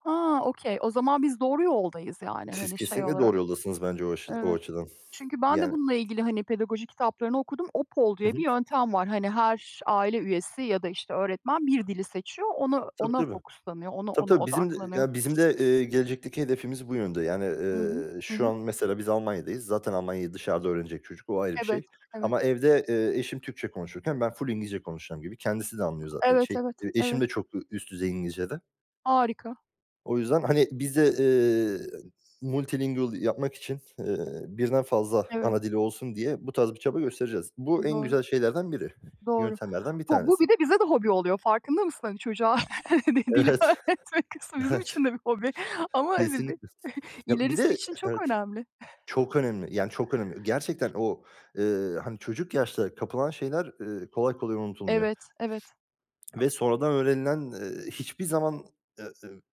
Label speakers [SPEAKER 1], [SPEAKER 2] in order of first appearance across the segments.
[SPEAKER 1] Ha, okey. O zaman biz doğru yoldayız yani,
[SPEAKER 2] Siz,
[SPEAKER 1] hani, şey,
[SPEAKER 2] kesinlikle doğru
[SPEAKER 1] olarak.
[SPEAKER 2] yoldasınız bence o aşı o
[SPEAKER 1] Evet.
[SPEAKER 2] açıdan.
[SPEAKER 1] Çünkü ben de
[SPEAKER 2] Yani.
[SPEAKER 1] bununla ilgili hani pedagoji kitaplarını okudum. OPOL
[SPEAKER 2] Hı
[SPEAKER 1] diye
[SPEAKER 2] hı.
[SPEAKER 1] bir yöntem var. Hani, her aile üyesi ya da işte öğretmen bir dili seçiyor, onu
[SPEAKER 2] Tabii,
[SPEAKER 1] ona
[SPEAKER 2] tabii.
[SPEAKER 1] focuslanıyor, ona
[SPEAKER 2] Tabii,
[SPEAKER 1] ona
[SPEAKER 2] tabii. Bizim d
[SPEAKER 1] odaklanıyor.
[SPEAKER 2] ya bizim de, eee, gelecekteki hedefimiz bu yönde. Yani,
[SPEAKER 1] Hı hı.
[SPEAKER 2] eee,
[SPEAKER 1] Hı
[SPEAKER 2] şu
[SPEAKER 1] hı.
[SPEAKER 2] an mesela biz Almanya'dayız. Zaten Almanya'yı dışarıda öğrenecek çocuk, o ayrı bir
[SPEAKER 1] Evet,
[SPEAKER 2] şey.
[SPEAKER 1] evet.
[SPEAKER 2] Ama evde, eee, eşim Türkçe konuşurken ben full İngilizce konuşacağım gibi. Kendisi de anlıyor zaten,
[SPEAKER 1] Evet,
[SPEAKER 2] şey,
[SPEAKER 1] evet,
[SPEAKER 2] eee eşim
[SPEAKER 1] evet.
[SPEAKER 2] de çok ü üst düzey İngilizce de.
[SPEAKER 1] Harika.
[SPEAKER 2] O yüzden hani biz de, eee, multilingual yapmak için, eee, birden fazla
[SPEAKER 1] Evet.
[SPEAKER 2] ana dili olsun diye bu tarz bir çaba göstereceğiz. Bu en
[SPEAKER 1] Doğru.
[SPEAKER 2] güzel şeylerden biri,
[SPEAKER 1] doğru.
[SPEAKER 2] yöntemlerden bir
[SPEAKER 1] Bu bu
[SPEAKER 2] tanesi.
[SPEAKER 1] bir de bize de hobi oluyor, farkında mısın hani? Çocuğa dil
[SPEAKER 2] Evet,
[SPEAKER 1] öğretmek kısmı bizim
[SPEAKER 2] evet.
[SPEAKER 1] için de bir hobi ama
[SPEAKER 2] Kesinlikle.
[SPEAKER 1] [unintelligible]
[SPEAKER 2] Ya, bir
[SPEAKER 1] ilerisi
[SPEAKER 2] de
[SPEAKER 1] için çok
[SPEAKER 2] Evet,
[SPEAKER 1] önemli.
[SPEAKER 2] çok önemli. Yani, çok önemli. Gerçekten o, eee, hani çocuk yaşta kapılan şeyler, eee, kolay kolay unutulmuyor.
[SPEAKER 1] Evet, evet.
[SPEAKER 2] Ve sonradan öğrenilen, eee, hiçbir zaman, eee,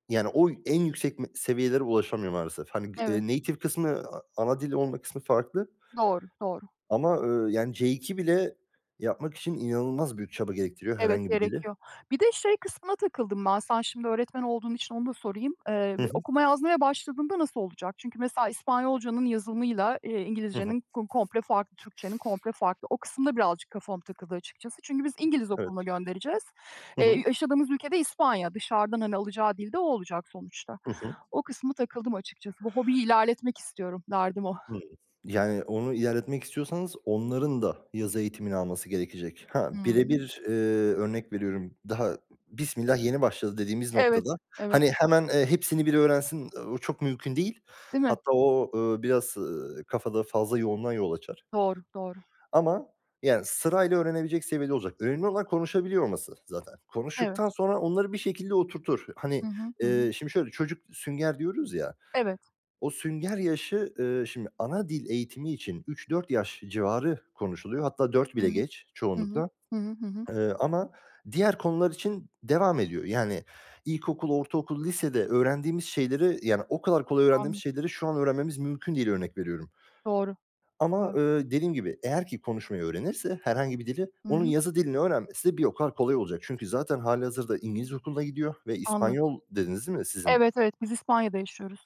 [SPEAKER 2] yani o en yüksek me seviyelere ulaşamıyor maalesef. Hani, eee,
[SPEAKER 1] Evet.
[SPEAKER 2] native kısmı, a ana dili olmak kısmı farklı.
[SPEAKER 1] Doğru, doğru.
[SPEAKER 2] Ama eee, yani C2 bile yapmak için, inanılmaz büyük çaba gerektiriyor,
[SPEAKER 1] Evet,
[SPEAKER 2] herhangi bir dili.
[SPEAKER 1] gerekiyor. Bir de şey kısmına takıldım ben. Sen şimdi öğretmen olduğun için onu da sorayım. Eee,
[SPEAKER 2] Hı hı.
[SPEAKER 1] okuma yazmaya başladığında nasıl olacak? Çünkü mesela İspanyolcanın yazımıyla, eee,
[SPEAKER 2] Hı hı.
[SPEAKER 1] İngilizcenin ko komple farklı, Türkçenin komple farklı. O kısım da birazcık kafama takıldı açıkçası. Çünkü biz İngiliz okuluna
[SPEAKER 2] Evet.
[SPEAKER 1] göndereceğiz.
[SPEAKER 2] Hı
[SPEAKER 1] Eee,
[SPEAKER 2] hı.
[SPEAKER 1] yaşadığımız ülke de İspanya. Dışarıdan hani alacağı dil de o olacak sonuçta.
[SPEAKER 2] Hı hı.
[SPEAKER 1] O kısma takıldım açıkçası. Bu hobiyi ilerletmek istiyorum, derdim o.
[SPEAKER 2] Hımm. Yani onu ilerletmek istiyorsanız onların da yazı eğitimini alması gerekecek. Ha,
[SPEAKER 1] Hı hı.
[SPEAKER 2] birebir, eee, örnek veriyorum; daha bismillah, yeni başladı dediğimiz
[SPEAKER 1] Evet,
[SPEAKER 2] noktada,
[SPEAKER 1] evet.
[SPEAKER 2] hani, hemen, eee, hepsini bir öğrensin, eee, o çok mümkün değil.
[SPEAKER 1] Değil mi?
[SPEAKER 2] Hatta o, eee, biraz, eee, kafada fazla yoğunluğa yol açar
[SPEAKER 1] Doğru, doğru.
[SPEAKER 2] ama yani sırayla öğrenebilecek seviyede olacak. Önemli olan konuşabiliyor olması zaten.
[SPEAKER 1] Evet.
[SPEAKER 2] Konuştuktan sonra onları bir şekilde oturtur.
[SPEAKER 1] Hı
[SPEAKER 2] Hani,
[SPEAKER 1] hı, hı hı.
[SPEAKER 2] eee, şimdi şöyle; çocuk sünger diyoruz ya,
[SPEAKER 1] Evet.
[SPEAKER 2] o sünger yaşı, eee, şimdi ana dil eğitimi için 3-4 yaş civarı konuşuluyor. Hatta 4
[SPEAKER 1] Hı
[SPEAKER 2] bile
[SPEAKER 1] hı.
[SPEAKER 2] geç
[SPEAKER 1] Hı hı.
[SPEAKER 2] çoğunlukla.
[SPEAKER 1] Hı hı, hı hı.
[SPEAKER 2] Eee, ama diğer konular için devam ediyor. Yani, ilkokul, ortaokul, lisede öğrendiğimiz şeyleri, yani o kadar kolay öğrendiğimiz
[SPEAKER 1] Anladım.
[SPEAKER 2] şeyleri şu an öğrenmemiz mümkün değil, örnek veriyorum.
[SPEAKER 1] Doğru,
[SPEAKER 2] Ama
[SPEAKER 1] doğru.
[SPEAKER 2] eee, dediğim gibi, eğer ki konuşmayı öğrenirse herhangi bir dili,
[SPEAKER 1] Hı
[SPEAKER 2] onun
[SPEAKER 1] hı.
[SPEAKER 2] yazı dilini öğrenmesi de bir o kadar kolay olacak. Çünkü zaten halihazırda İngiliz okuluna gidiyor ve
[SPEAKER 1] Anladım.
[SPEAKER 2] İspanyol dediniz değil mi sizin?
[SPEAKER 1] Evet, evet, biz İspanya'da yaşıyoruz.